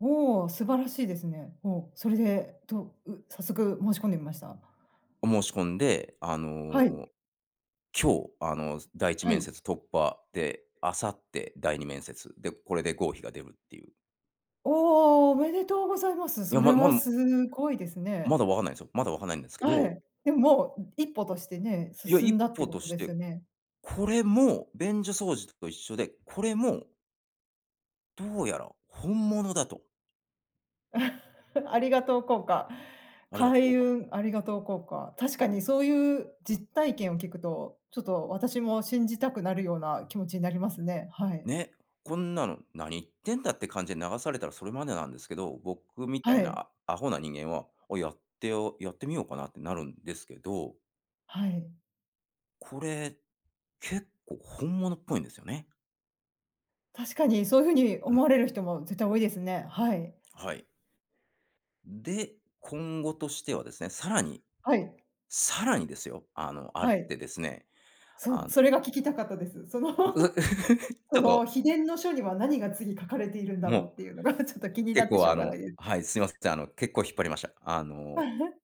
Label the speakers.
Speaker 1: おお、素晴らしいですね。お、それで、どう、早速申し込んでみました？
Speaker 2: を申し込んで、あの、
Speaker 1: はい。
Speaker 2: 今日、あの、す第いち
Speaker 1: は
Speaker 2: めんせ
Speaker 1: い。
Speaker 2: つ突破で、明後日、第2面接で、これで合否が出るっていう。
Speaker 1: おお、おめでとうございます。
Speaker 2: いや、
Speaker 1: それ
Speaker 2: まま
Speaker 1: はす
Speaker 2: ん
Speaker 1: ごいです
Speaker 2: ま
Speaker 1: ね。
Speaker 2: だわかんないんすよ、まだ分かんないんですけ
Speaker 1: は
Speaker 2: ど。
Speaker 1: い。でも、もう、ん、一歩としてね、
Speaker 2: いや、
Speaker 1: 進ん
Speaker 2: 一
Speaker 1: だって
Speaker 2: 歩
Speaker 1: こ
Speaker 2: と
Speaker 1: と
Speaker 2: し
Speaker 1: です
Speaker 2: て、
Speaker 1: よね。
Speaker 2: これも便所掃除と一緒で、これもどうやら、本物だと。
Speaker 1: ありがとう効果。
Speaker 2: ありがとう効
Speaker 1: 開
Speaker 2: 果。
Speaker 1: 運ありがとう効果。確かにそういう実体験を聞くと、ちょっと私も信じたくなるような気持ちになりますね。はい。
Speaker 2: ね、こんなの、「何言ってんだ」って感じで流されたらそれまでなんですけど、僕みた
Speaker 1: は
Speaker 2: い
Speaker 1: い。
Speaker 2: なアホな人間は、をやってをやってみようかなってなるんですけど。
Speaker 1: はい。
Speaker 2: これ、結構本物っぽいんですよね。
Speaker 1: 確かに、そういうふうに
Speaker 2: う
Speaker 1: 思
Speaker 2: ん。
Speaker 1: われる人も絶対多いですね。はい。
Speaker 2: はい。で、今後としてはですね、さらに。
Speaker 1: はい。
Speaker 2: さらにですよ、あの、あっ
Speaker 1: はい。
Speaker 2: てですね、
Speaker 1: そう、
Speaker 2: あの
Speaker 1: それが聞きたかったです。その
Speaker 2: うう、ち
Speaker 1: そ
Speaker 2: ょっ
Speaker 1: の、
Speaker 2: と
Speaker 1: 秘伝の書には何が次書かれているんだ
Speaker 2: も
Speaker 1: ろ
Speaker 2: う、
Speaker 1: うっていうのがちょっと気にな
Speaker 2: 結
Speaker 1: って
Speaker 2: 構、
Speaker 1: しょ
Speaker 2: あ
Speaker 1: うが
Speaker 2: の
Speaker 1: ないです。
Speaker 2: はい、すいませあの、結構引っ張りました。あの